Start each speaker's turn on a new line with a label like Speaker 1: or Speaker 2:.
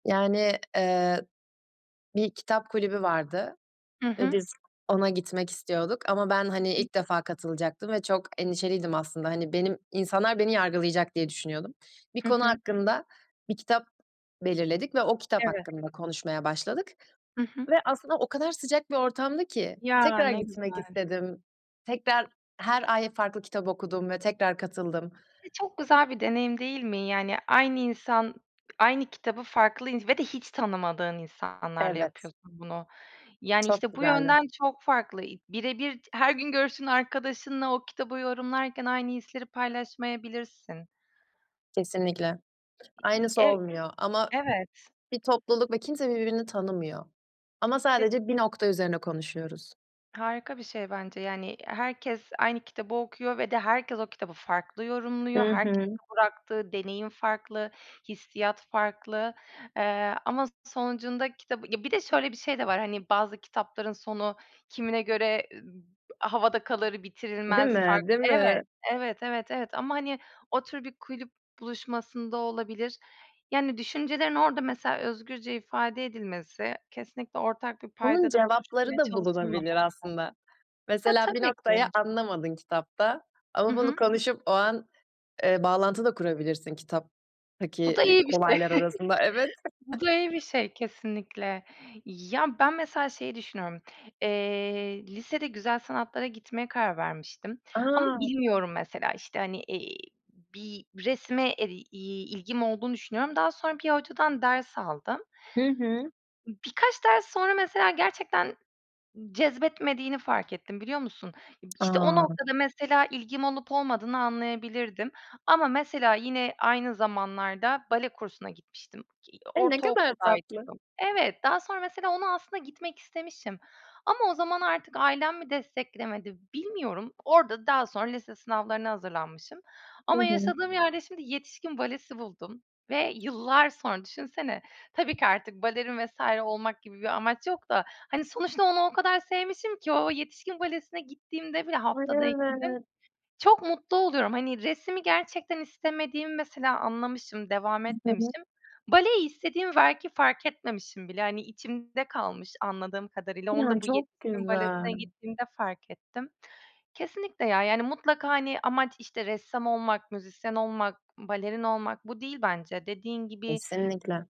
Speaker 1: Yani, eee, bir kitap kulübü vardı
Speaker 2: Hı
Speaker 1: ve
Speaker 2: hı.
Speaker 1: biz ona gitmek istiyorduk ama ben hani
Speaker 2: Hı hı.
Speaker 1: ilk defa katılacaktım ve çok endişeliydim aslında, hani, benim insanlar beni yargılayacak diye düşünüyordum. Bir
Speaker 2: Hı
Speaker 1: konu
Speaker 2: hı.
Speaker 1: hakkında bir kitap belirledik ve o kitap
Speaker 2: Evet.
Speaker 1: hakkında konuşmaya başladık
Speaker 2: Hı hı.
Speaker 1: ve aslında o kadar sıcak bir ortamdı ki
Speaker 2: Ya,
Speaker 1: tekrar
Speaker 2: ne
Speaker 1: gitmek
Speaker 2: güzel.
Speaker 1: istedim. Tekrar her ay farklı kitap okudum ve tekrar katıldım.
Speaker 2: E, çok güzel bir deneyim, değil mi? Yani aynı insan aynı kitabı farklı ins ve de hiç tanımadığın insanlarla
Speaker 1: Evet.
Speaker 2: yapıyorsun bunu. Yani
Speaker 1: Çok
Speaker 2: işte bu
Speaker 1: güzeldi.
Speaker 2: yönden çok farklı i birebir t her gün görüştüğün arkadaşınla o kitabı yorumlarken aynı hisleri paylaşmayabilirsin.
Speaker 1: Kesinlikle.
Speaker 2: İ i
Speaker 1: Aynısı
Speaker 2: e
Speaker 1: olmuyor ama
Speaker 2: evet.
Speaker 1: bir topluluk ve kimse birbirini tanımıyor ama
Speaker 2: [unintelligible]
Speaker 1: sadece bir nokta üzerine konuşuyoruz.
Speaker 2: Harika bir şey bence. Yani, i herkes aynı kitabı okuyor ve de herkes o kitabı farklı yorumluyor.
Speaker 1: Hı
Speaker 2: Herkesin
Speaker 1: hı.
Speaker 2: bıraktığı deneyim farklı, hissiyat farklı, eee, ama sonucunda kitabı ya bir de şöyle bir şey de var, hani bazı kitapların sonu kimine göre m havada kalır,
Speaker 1: Değil
Speaker 2: bitirilmez,
Speaker 1: mi?
Speaker 2: farklı
Speaker 1: Değil
Speaker 2: Evet,
Speaker 1: mi?
Speaker 2: evet, evet, evet ama hani o tür bir kulüp buluşmasında olabilir. Yani düşüncelerin orada mesela özgürce ifade edilmesi, kesinlikle ortak bir
Speaker 1: Bunun
Speaker 2: paydada
Speaker 1: cevapları
Speaker 2: buluşulmaya
Speaker 1: da bulunabilir
Speaker 2: çalışılmaması
Speaker 1: aslında.
Speaker 2: Ya,
Speaker 1: Mesela bir
Speaker 2: tabii
Speaker 1: noktayı
Speaker 2: ki.
Speaker 1: anlamadın kitapta
Speaker 2: Hı
Speaker 1: ama bunu
Speaker 2: hı.
Speaker 1: konuşup o an, eee, bağlantı da kurabilirsin
Speaker 2: Bu
Speaker 1: kitaptaki,
Speaker 2: da
Speaker 1: ııı,
Speaker 2: iyi bir şey.
Speaker 1: olaylar arasında. Evet.
Speaker 2: Bu da iyi bir şey kesinlikle. Ya, ben mesela şeyi düşünüyorum. Eee, lisede güzel sanatlara gitmeye karar vermiştim ama
Speaker 1: A!
Speaker 2: bilmiyorum mesela işte hani, eee, bir resme e iii ilgim olduğunu düşünüyorum. Daha sonra bir hocadan ders aldım.
Speaker 1: Hı hı.
Speaker 2: Imm, birkaç ders sonra mesela gerçekten n cezbetmediğini fark ettim, biliyor musun? İşte o
Speaker 1: A!
Speaker 2: noktada mesela ilgim olup olmadığını anlayabilirdim. Ama mesela yine aynı zamanlarda bale kursuna gitmiştim ki
Speaker 1: E, ne kadar tatlı!
Speaker 2: ortaokuldaydım. Evet, daha sonra mesela onu aslında gitmek istemişim ama o zaman artık ailem mi desteklemedi, bilmiyorum. Orada daha sonra lise sınavlarına hazırlanmışım
Speaker 1: Hı
Speaker 2: ama
Speaker 1: hı.
Speaker 2: yaşadığım yerde şimdi yetişkin balesi buldum ve yıllar sonra düşünsene... Tabii ki artık balerin vs. olmak gibi bir amaç yok da hani sonuçta onu o kadar sevmişim ki o yetişkin balesine gittiğimde bile
Speaker 1: Ay
Speaker 2: haftada 2 gün
Speaker 1: evet!
Speaker 2: çok mutlu oluyorum. Hani resimi gerçekten istemediğimi mesela anlamışım, devam
Speaker 1: [unintelligible]
Speaker 2: etmemişim. Baleyi istediğimi belki fark etmemişim bile. Hani içimde kalmış anladığım kadarıyla. Onu
Speaker 1: Ya,
Speaker 2: da bu
Speaker 1: çok
Speaker 2: yetişkin balesine
Speaker 1: güzel.
Speaker 2: gittiğimde fark ettim. Kesinlikle ya, yani mutlaka hani amaç işte ressam olmak, müzisyen olmak, i balerin olmak bu değil bence. Dediğin gibi
Speaker 1: Kesinlikle.